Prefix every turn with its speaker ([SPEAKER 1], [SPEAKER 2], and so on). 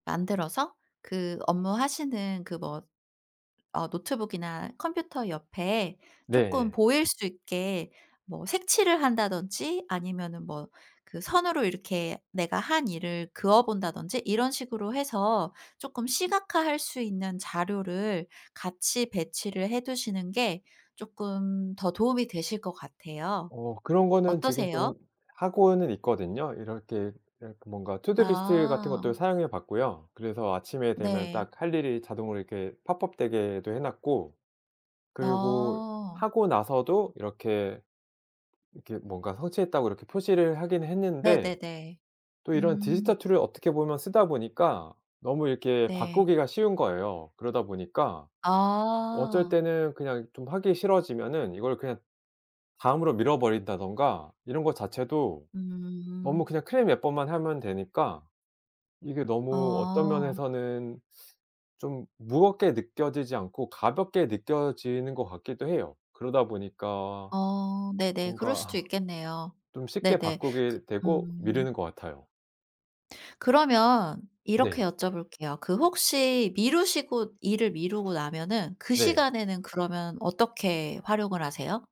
[SPEAKER 1] 만들어서 그 업무하시는 그 뭐 어 노트북이나 컴퓨터 옆에 쪼끔
[SPEAKER 2] 네.
[SPEAKER 1] 보일 수 있게 뭐 색칠을 한다든지 아니면은 뭐 그 선으로 이렇게 내가 한 일을 그어 본다든지 이런 식으로 해서 쪼끔 시각화할 수 있는 자료를 같이 배치를 해 두시는 게 쪼끔 더 도움이 되실 것 같아요.
[SPEAKER 2] 어 그런 거는 지금
[SPEAKER 1] 어떠세요?
[SPEAKER 2] 좀 하고는 있거든요. 이렇게 이렇게 뭔가 투두 리스트 같은
[SPEAKER 1] 아.
[SPEAKER 2] 것도 사용해 봤고요. 그래서 아침에 되면
[SPEAKER 1] 네.
[SPEAKER 2] 딱 할 일이 자동으로 이렇게 팝업 되게도 해 놨고 그리고
[SPEAKER 1] 어.
[SPEAKER 2] 하고 나서도 이렇게, 이렇게 뭔가 성취했다고 이렇게 표시를 하긴 했는데
[SPEAKER 1] 네네네.
[SPEAKER 2] 또 이런 디지털
[SPEAKER 1] 음.
[SPEAKER 2] 툴을 어떻게 보면 쓰다 보니까 너무 이렇게
[SPEAKER 1] 네.
[SPEAKER 2] 바꾸기가 쉬운 거예요. 그러다 보니까 어쩔
[SPEAKER 1] 아.
[SPEAKER 2] 때는 그냥 좀 하기 싫어지면은 이걸 그냥 다음으로 미 버린다든가 이런 거 자체도 너무
[SPEAKER 1] 음.
[SPEAKER 2] 그냥 클릭 몇 번만 하면 되니까 이게 너무 어떤
[SPEAKER 1] 어.
[SPEAKER 2] 면에서는 좀 무겁게 느껴지지 않고 가볍게 느껴지는 것 같기도 해요. 그러다 보니까
[SPEAKER 1] 어. 네네. 그럴
[SPEAKER 2] 뭔가
[SPEAKER 1] 수도
[SPEAKER 2] 아
[SPEAKER 1] 있겠네요.
[SPEAKER 2] 좀 쉽게
[SPEAKER 1] 네네. 그
[SPEAKER 2] 바꾸게 되고
[SPEAKER 1] 음.
[SPEAKER 2] 미루는 것 같아요.
[SPEAKER 1] 그러면 이렇게
[SPEAKER 2] 네.
[SPEAKER 1] 여쭤볼게요. 그 혹시 미루시고 일을 미루고 나면은 그
[SPEAKER 2] 네.
[SPEAKER 1] 시간에는 그러면 어떻게 활용을 하세요?